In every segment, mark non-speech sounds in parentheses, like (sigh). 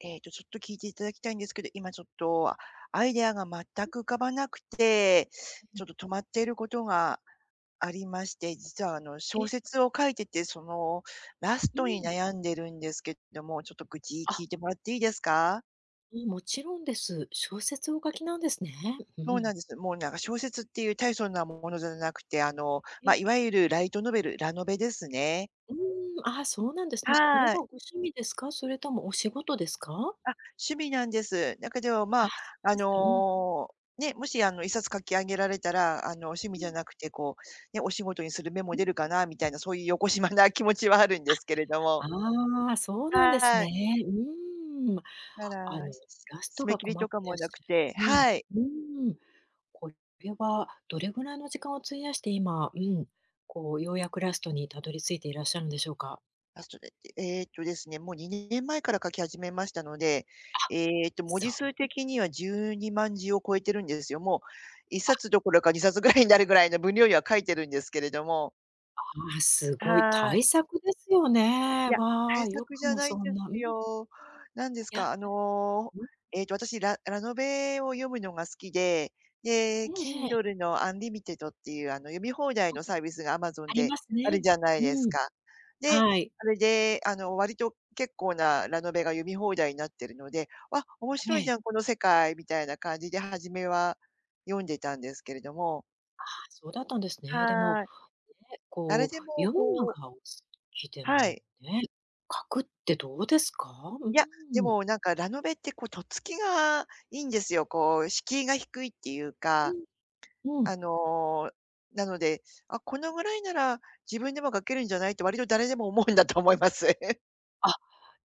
ええっと、ちょっと聞いていただきたいんですけど、今ちょっとアイデアが全く浮かばなくて、ちょっと止まっていることが、ありまして、実は、あの、小え。説を書いてて、その、ラスうトにん。悩んでるんですけども、ちょっと愚痴聞あ。いてもらっていいですか？ん、もちろんです。小説をお書きなんですね。うそうん。なんです。もうなんか小説っていう大層なものじゃなくて、あの、えま、え。いわゆるライトノベルラノベですね。うーん、あ、そうなんですね。これははい。ご趣味ですか？それともお仕事ですか？あ、趣味なんです。だけど、まあ、あ、そうあですかうん。のう、ね、もしあの1冊書き上げられたら、あの趣味うじゃん。なくてこう、ね、お仕事にする芽もう出ん。るかなみたいなそういう邪な気持ちはあるんですけれどあ、も。ああ、そうなんですはね。い。うーん、ただ、あの、ラス締トめが切り困とっかてらっもなしくゃるてうん、はい。うーん。これはどれぐらいの時間を費やして、今、うん、こう、ようやくラストに辿り着いていらっしゃるんでしょうか？あ、それって、ええっと、ですね、もう2年前から書き始めましたので、あ、ええっと、文字そ数う。的には12万字を超えてるんですよ。もう、いっあ。さつどころか2冊ぐらいになるぐらいの分量には書いてるんですけれども。ああ、すごいはい。大作ですよいね。や、わ大あ、よ作くじゃもないそんでんな、うすんよ。何ですいや。か、あの、うん。えっと、私、ララノベを読むのが好きで、で、ええええ。Kindle の Unlimited っていうあの、読み放題あ、のサービスが Amazon ありでますあるね。じゃないですうん。か。で、はい。それであの、割と、結構なラノベが読み放題になってるので、あ、面え白いじえ。ゃんこの世界、みたいな感じで初めは読んでたんですけれども。ああ、そうだったんですね。でも、はい。ね、誰こでうも読むのこうがお好きではもい。ね、書くってどうですか？うーいや、でん。もなんかラノベってこうとっつきがいいんですよ。こう敷居が低いっていううか。ん。うん。あの、なので、「あ、このぐらいなら自分でも書けるんじゃない？」って割と誰でも思うんだと思います。あ、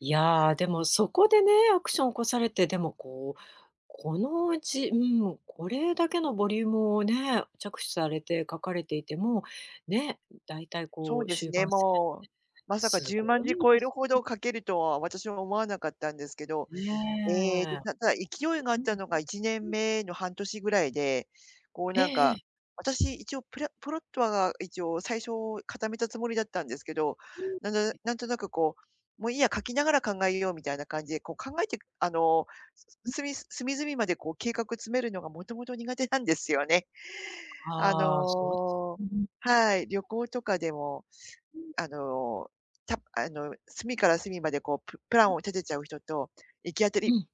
いや、でもそこでね、アクション起こされて、でもこう、このうち、うん、これだけのボリュームをね、着手されて書かれていても、ね、大体そこううです終ね、盤戦もう、まさかすじゅうごまんじいで超えるすほね。ど書けるとは、私は思わなかったんですけど。えっと、ねえ。ただ勢いと、があっうん。たのがいちねんうん。めの半年ぐらいで、こうえなんええか、え。私一応プラプロットはが一応最初固めたつもりだったんですけど、うなぬん。なんとなくこう、「もういいや、書きながら考えよう」みたいな感じで、こう考えて、あの、うん。すみ隅々までこう計画詰めるのがもともと苦手なんですよね。あああ、そうです。の (unintelligible) はい、旅行とかでも、うん。あの、たあの、隅から隅までこう、ププラうンん。を立てちゃう人と、行き当たうりん。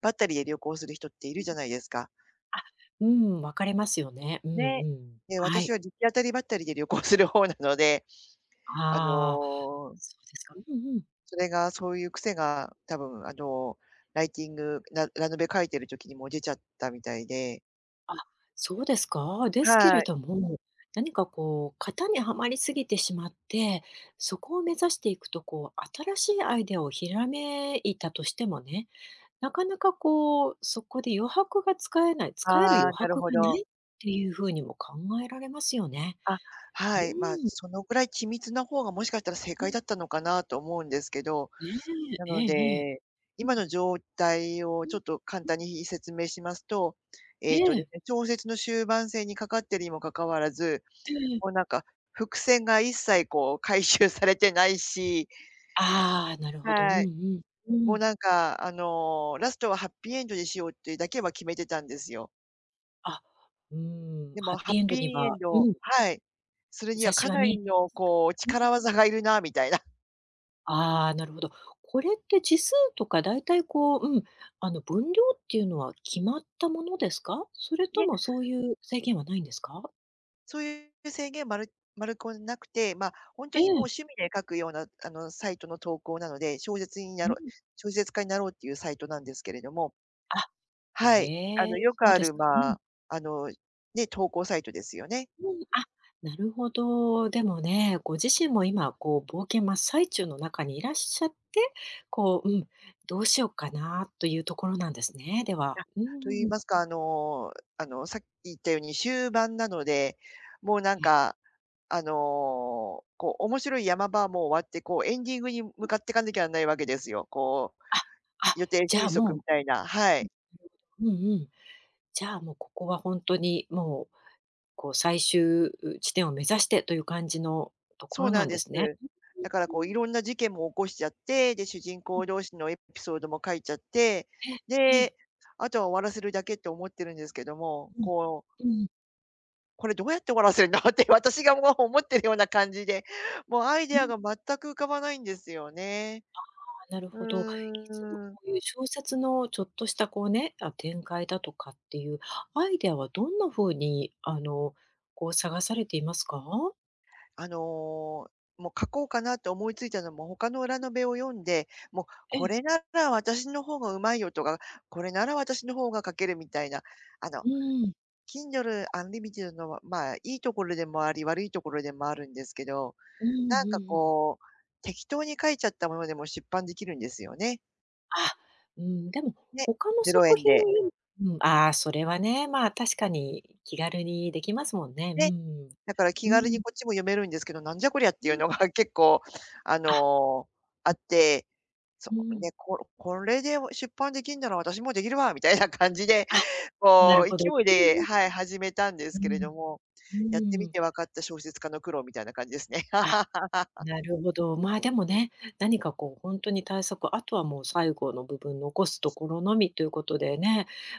ばったりで旅行する人っていうるん。じゃないですか。あ、うん、分かれますよね、うんうね、ん、で、は私はい。行き当たりばったりで旅行する方なので。あああ、のそうですか。うんうん。それがそういう癖が多分あのライティングララノベ書いてる時にも出ちゃったみたいで。あ、そうですか？ですけはれい。ども、何かこう型にはまりすぎてしまって、そこを目指していくとこう、新しいアイデアをひらめいたとしてもね、なかなかこう、そこで余白が使えない使えるあ余あ、なる白がほなど。いっていうふうにも考えられますよね。あ、うはい、まあ、ん。そのくらい緻密な方がもしかしたら正う解ん。だったのかなと思うんですけど、ねなえ、えのえええ。で、う今ん。の状態をうん、ちうょっと簡う単ん。に説明しますと、ええっとでえ。すね、小説の終盤戦にかかってるにもかかわらず、ええええ。もうなんか、伏線が一切こう回収されてないしああ、なるほど。うんうはい。ん、うもうん。なんか、あの、ラストはハッピーエンドでしようってだけは決めてたんですよ。あ、うーん、でもハッハピッーエンドピーにエはンうドん。はい、それに兆はしかはな見りえてのますか？こう、うん。力技が要るなみたいな。ああ、なるほど。これって字数とか大体こう、うん、あの、分量っていうのは決まったものですか？それいとえ。もそういう制限はないんですか？そういう制限、まるまるこんなくて、まあ、本当えにもうん。趣味で書くようなあの、サイトの投稿なので、小説になうろうん。小説家になろうっていうサイトなんですけれども。あ、はい。あへえ、の、よくそうあでするか。うまん。あ、あの、ね、投稿サイトですよね。うん。あ、なるほど。でもね、ご自身も、今こう冒険真っ最中の中にいらっしゃって、こう、うん、どうしよっかなというところなんですね、では。あ、うと言いん。ますか、あのあのさっき言ったように終盤なので、もうなえんえ。か、あの、こう面白い山場はもう終わって、こうエンディングにう向ん。かっていかなきゃないわけですよ。こう、ああ、予定じゃあ収束もみたいな。はい。ううん、うん。うんうん。じゃあもうここは本当にもう、こう最終地点を目指してという感じのとこそろうななんんでです。すね。だからう、ん、うこうーん。色んな事件も起こしちゃって、で、主人うん。公同士のエピソードも書いちゃって、え、ええ。で、あとは終わらせるだけって思ってるんですけども、うん。こううんうん。「これどうやって終わらせるの？」って私がもう思ってるような感じで、もうアイうデん。アが全く浮かばないんですよね。ああ、なるうほど。いつもーん。こういう小説のちょっとしたこうね、あ、展開だとかっていうアイデアはどんな風に、あの、こう、探されていますか？あの、もう書こうかなと思いついたのも他のラノベを読んで、もう、えこえ。れなら私の方がうまいよとか、これなら私の方が書ける、みたいな、あの、うーん。Kindle Unlimited のは、まあ、いいところでもあり、悪いところでもあるんですけど。うーん。なんうかんうん。こう、適当に書いちゃったものでも出版できるんですよね。あ、うん。でもね、他のぜろえ作ん品で。うん。ああ、それはね、まあ、確かに気軽にできますもんね、うーで、ん。だから気う軽にん。こっちも読めるんですけど、なんじゃこりゃっうていうん。のが結構ああ。の、あうっん。て、そうん。でここれで、お出版できんなら私もできるわみたいな感じで、あ、なこるう勢ほど。いうで、んはい。始めたんでうすけれどん。も、うやってん。うみん。て分かった小説家の苦労みたいな感じですね。あ、(laughs) なるほど。まあ、でもね、何かこうほんとに大作、あとはもう最後の部分残すところのみということで。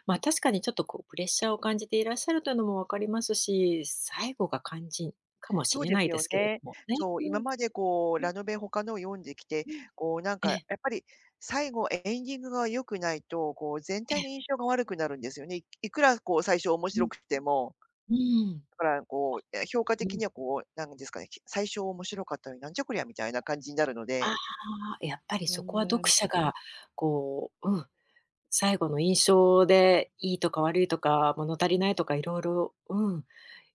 まあ、確かにちょっとこうプレッシャーを感じていらっしゃるというのもわかりますし、最後が肝心かもしそうれでなすいでよすけれどね。もね、そう、う今ん。までこう、うん。ラノベ他のを読んできて、うん。こうなんえかやえ。っぱり、最後、エエンディングが良くないと、こう全え体のえ。印象が悪くなるんですよね。いいくらこう最初面うん。白くってもうーん、だからこう、や評価あ、う的ん。にはこうなんですか。き最初面白かったのに、なんじゃこりゃみたいな感じになるのあで。あ。やっぱりうそこはー読ん。者が、こう、うん。最後の印象でいいとか悪いとか、物足りないとか色々、うん。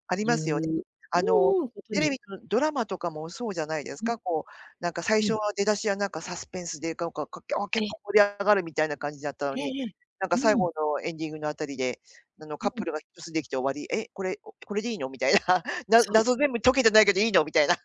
ありま言うすよね。あのうんうん。ことテレにビのドラマとかもそうじゃないですうん。か。こうなんか最う初ん。は出だしやなんかサスペンスで、がおかっかきゃあ結え。構盛り上がるみたいな感じだったのええに、ええ、なんうか最ん。後のエンディングのあたりで、あのうカッん。プルが一つできて終わり。え、これ、おこれでいいの。みたいな、(laughs) なそう。謎全部解けてないけどいいの。みたいな。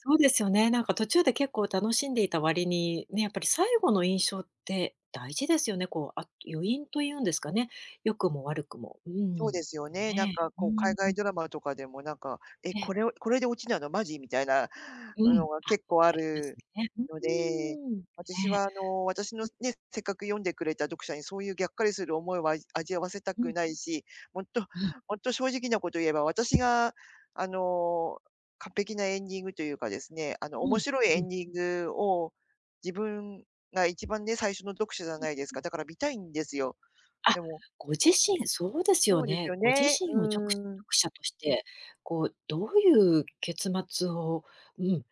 そうですよね、なんか途中で結構楽しんでいた割に、ね、やっぱり最後の印象って大事ですよね、こう、あ余韻というんですかね、良くも悪くも。うそうん。ですよね、なんね。かうーこう、ん、海外ん。ドラマとかでもなんか、「え、ええ。これをこれで落ちなの、マジ」みたいなうん、のがあ、結構あありまする、ね。ん、うので、ーん、ね、私はあの、私の、ん。ね、せっかく読んでくれた読者にそういうぎゃっかりする思いは味あわせたうくん。ないし、ほんっと、うん。ほんと正直なことを言えば、私があの、完璧なエンディングというかですね、あの、うん、面白いううエん。ンディングを、自分が一番ね、最初の読者じゃうん。ないですか？だから見たいんですよ。あ、でもご自身、そうですよそうですね。よご自ね、身をちょく読うん。者として、こうどういう結末を、うん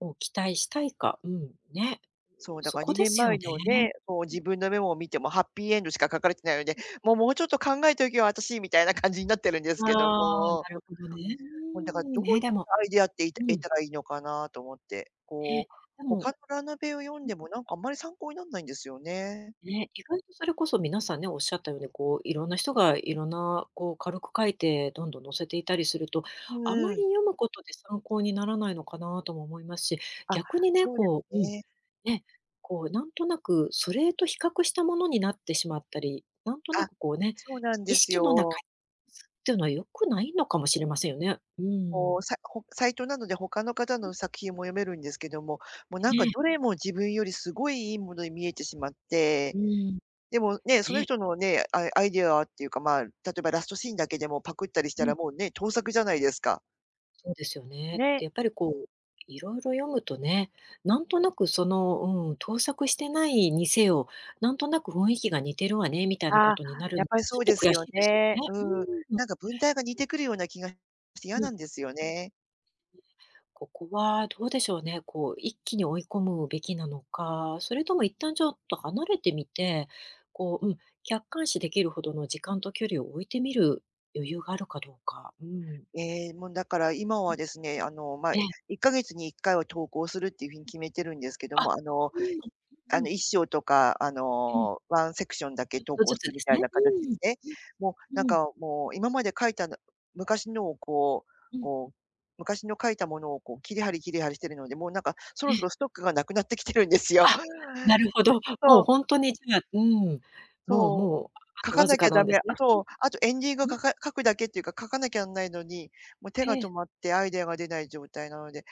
を期待したいか、うん、ね、そう、うだそからこにでねんすまえよのね。ね、こう、うん。自分のメモを見てもハッピーエンドしか書かれてないので、うん。「もう、もうちょっと考えておけよ、私」みたいな感じになってるんですけどああ、も。なるほどね。う (unintelligible) もんだからーどん。ういね、っでもたアイデアっていてうえたん。らいいのかなと思って、えこえ、うでも他のラノベを読んうん。でもなんかあんまり参考になんないんですよね。ね、意外とそれこそ皆さんね、おっしゃったように、こう色んな人が色んなこう軽く書いて、どんどん載せていたりすると、ん、うあんまうりん。読むことで参考にならないのかなとも思いますし、あ、逆にね、そうですこううん、ね。ね、こうなんとなくそれと比較したものになってしまったり、なんとなあ、くこうね、そうなん意です識の中、よ。うすっていうのは良くないのかもしれませんよね。うこん。う、サホックサイトなので他の方うん。の作品も読めるんですけども、もう、なんえかえ。どれも自分よりすごい良いものに見えてしまっうて、ん、でもね、そのね。人のね、アイアイデアはっていうか、まあ、例えばラストシーンだけでもパクったりしたうらん。もうね、盗作じゃないですか。そうですよね。ね。で、やっぱりこう色々読むとね、なんとなくその、うん。盗作してないにせよ、なんとなく雰囲気が似てるわね、みたいなあこあ、とになる、やっぱりそちょうっとです悔よしいですよね。ね。ううん。ーん。なんか文体が似てくるような気がして嫌うなん。んですよね。え、ここはどうでしょうね。こう一気に追い込むべきなのか、それとも一旦ちょっと離れてみて、こう、うん。客観視できるほどの時間と距離を置いてみる余裕があるかどうか、うん。ええ、もうだから今うん。はですね。あの、ま、ええ、え。1か月に1回は投稿するっていうふうに決めてるんですけどあ、も、あのうーん、うあんうん。の、1章とかあうん。のワンセクションだちけょっ投と稿ずすつるでみすたいね。なう形ーん。すね。うもうなん、んうん。かもう今まで書いたな昔のを、こううん。こう、昔の書いたものをこう切り貼り切り貼りしているので、もうなんかそえろえ。そろストックが無くなってきてるんですよ。あ、なるほど。もうそう。本当にじゃあ、うん。もうそう。もう、あ書とかわずなきかゃなダんでメ。すね。あとあとエンディング書うん。うん。か書くだけっていうか、書かなきゃなんないのに、もう手がええ。止まってアイデアが出ない状態なので、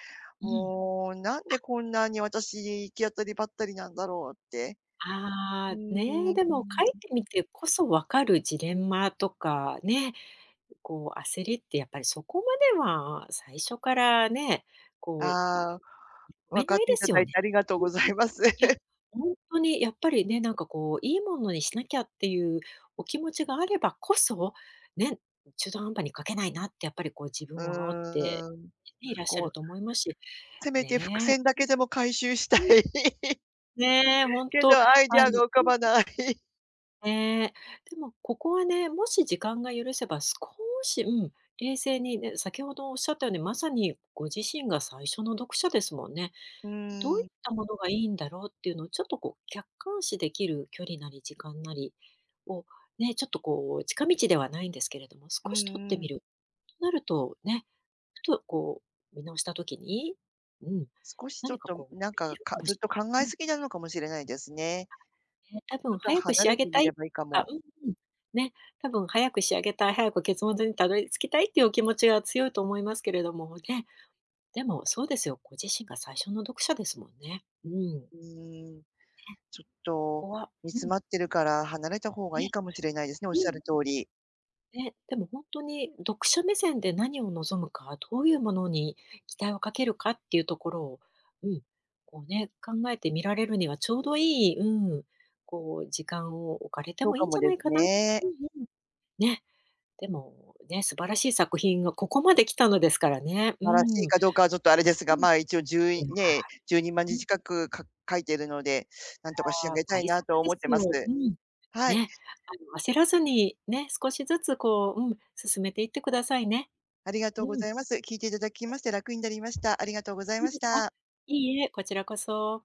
うん。もうなんあ。でこんなに私行き当たりばったりなんだろうって。うあーあ。ん。うね、んでも書いうん。てみてこそ分かるジレンマとかね、こう焦りってやっぱりそこまでは最初からね。こう読ああ。め分かなっいてでいすただよいね。てありがとううんうござん。います。いや、本当にやっぱりね、なんかこう、いいものにしなきゃっていうお気持ちがあればこそ、ね、中途半端に書けないなってやっぱりこう自分うを煽ってーん、いらっしゃこるうと思いますし、せめて伏ね。線だけでも回収したい。うん。うん。(laughs) ねえ、本け当ど、アイディあアのが浮うかんうん。ばない。ね、でもここはね、もし時間が許せば、少し、うん、冷静にね、先ほどおっしゃったように、まさにご自身が最初の読者ですもんね。うん、どういーん。ったものがいいんだろうっていうのをちょっとこう客観視できる距離なり時間なりをね、ちょっとこう近道ではないんですけれども、少うし取っんうてみん。る、なるとね、ふとこう見直した時に、うん、少しちょっ何かと、むこうん、なん見えか、るかかもずっしと考れないえうん。過ぎなのかもしれないですね。あ、ね。たぶちょんっと早く離仕上れげてたみれいばいいかとかも。うんうん、ね、たぶん早く仕上げたい、早く結末にたどり着きたいっていうお気持ちが強いと思いますけれども、ね。でも、そうですよ、ご自身が最初の読者ですもんね。うん。うーん、ね、ちょっことこは煮う詰ん。まってるから離れた方がいね。いかもしれないですね、おっうんうしゃん。る通り。ね、でもほんとに読者目線で何を望むか、どういうものに期待をかけるかっていうところを、うん、こうね、考えてみられるにはちょうどいい、うん、こう時間を置かれてそうもいかいんもじゃなでいすかな。ね。ふんふん。ね。でもね、素晴らしい作品がここまで来たのですからね。うーばらしん。うん。いいかどうかはちょっとあれですが、まあ一応、じゅういやね、じゅうにまんうじん。近く、か書いてるので、なんとか仕い上や、げたい大なとは作で思ってすます。よ。うん。はい。ね、あの焦らずに、ね、少しずつこう、うん、進めていってくださいね。ありがとううごん。ざいます。聞いていただきまして楽になりました。ありがとうございそうましですか。た。いいえ、こちらこそ。